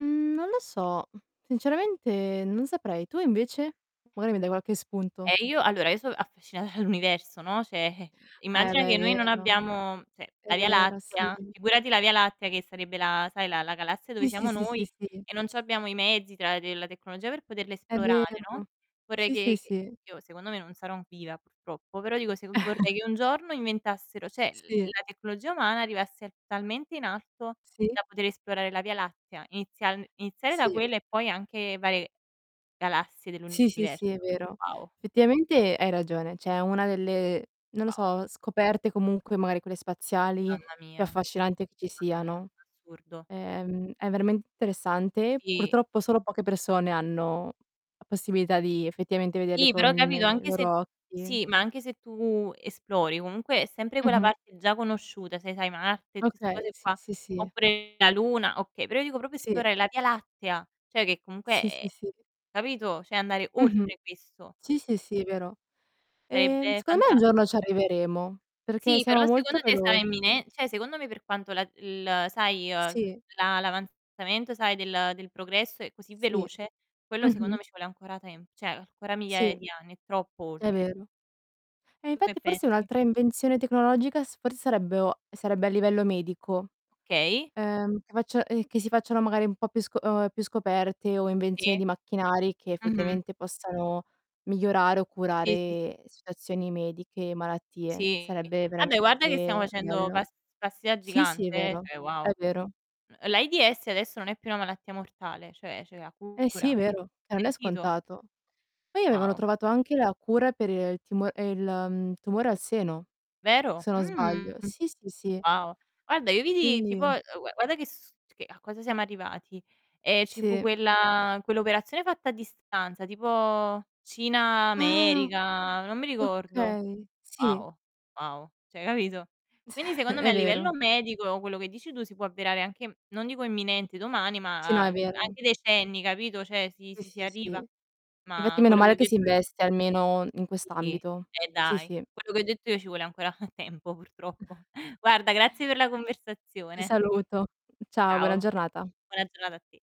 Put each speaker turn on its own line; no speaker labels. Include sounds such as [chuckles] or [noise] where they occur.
Mhmm, non lo so. Sinceramente non saprei. Tu, invece? Magari mi dai qualche spunto.
Ehm, io allora, io sò affascinata dall'universo, no, cioè, eh
Eh,
immagina
beh, è
che noi non
vero.
abbiamo cioè,
È
la Via
vero, sì.
Lattea figurati la Via Lattea che sarebbe la sai, la la galassia dove
Sì, sì,
siamo
sì, sì,
noi
sì.
e non c'abbiamo i mezzi, tra de la tecnologia per poterla
È
esplorare,
vero.
no, vorrei
Sì, sì,
che che
sì.
io secondo me, non sarò viva, purtroppo, però dico se vorrei
[chuckles]
che un giorno inventassero cioè,
Sì.
la tecnologia umana arrivasse talmente in alto,
Sì.
da poter esplorare la Via Lattea, inizial iniziare da
Sì.
quella e poi anche varie galassie dell'
Sì, sì,
universo.
sì, è vero.
Wow.
Effettivamente hai ragione, cioè è una delle, non lo
Wow.
so, scoperte comunque, magari quelle spaziali,
Mamma
più
mia.
affascinante che ci
Mamma mia,
siano.
assurdo.
Ehm, è veramente interessante.
Sì.
Purtroppo, solo poche persone hanno la possibilità di effettivamente vederli
Sì,
con
però, capito,
i
anche se
loro occhi.
sì, ma anche se tu esplori, comunque è sempre quella
Mh-mh.
parte parte già conosciuta, sai sai, Marte, tutte 'ste
Okay,
cose
sì,
qua,
sì, sì.
oppure la luna, okay, però io dico proprio
Sì.
esplorare la Via Lattea, cioè che comunque
Sì, sì,
è
sì.
capito, cioè, andare
Mh-mh.
oltre questo.
Sì, sì, sì, vero. Ehm,
Sarebbe
secondo me un
fanta
giorno ci arriveremo, perché
Sì, però
siamo molto
secondo te sarà
veloci.
imminе cioè, secondo me, per quanto la il, sai, uhm, tu
Sì.
la l' avanzamento, sai, del del progresso è così
Sì,
veloce, quello secondo
mh-mh.
me ci vuole ancora tem cioè, ancora
Sì,
migliaia di anni, è troppo
è
oltre.
vero. E
Tu che
infatti, forse
pensi?
un'altra invenzione tecnologica s forse sarebbe o sarebbe a livello medico.
Okay.
Ehm, che faccia ehm, che si facciano magari un po' più sco o ehm, più scoperte o
Sì.
invenzioni di macchinari, che
Mh-mh.
effettivamente possano migliorare o
Sì, sì, sì.
curare situazioni mediche, malattie.
Sì.
Sarebbe
Vabbè, guarda che siamo
veramente
facendo
bello.
pas passi da
Sì, sì,
gigante, eh,
vero.
cioè
È
wow.
vero.
N ehm, l'AIDS adesso non è più una malattia mortale, cioè c'è la
Eh, sì,
cura.
vero, che non è
Sentito?
scontato. Poi avevano
Wow.
trovato anche la cura per, ehm, il timo ehm, il, ehm, tumore al seno,
Vero?
se non
Mhmm,
sbaglio. Sì, sì, sì.
wow. Guarda, io vidi tipo,
Quindi
ehm, u e guarda che s che a cosa siamo arrivati. Ehm, ci fu
Sì, mh.
quella quell'operazione fatta a distanza, tipo Cina,
Ah!
America, non mi ricordo.
Okay, sì.
Wow, wow, cioè capito? Quindi,
[chuckles]
secondo
È
me a livello
vero.
medico quello che dici tu si può avverare anche non dico imminente, domani,
Sì no,
ma
è vero.
anche decenni, capito, cioè si
Sì,
si si
sì,
arriva.
sì. Infatti,
Ma
meno
quello che
male
ho
che si
detto io
investe almeno in
sì,
quest'ambito.
e
Sì,
dai!
sì.
Quello che ho detto io ci vuole ancora [chuckles] tempo, purtroppo. Guarda, grazie per la
Ti
conversazione.
saluto. Ciao, buona
Ciao,
giornata.
buona giornata a te.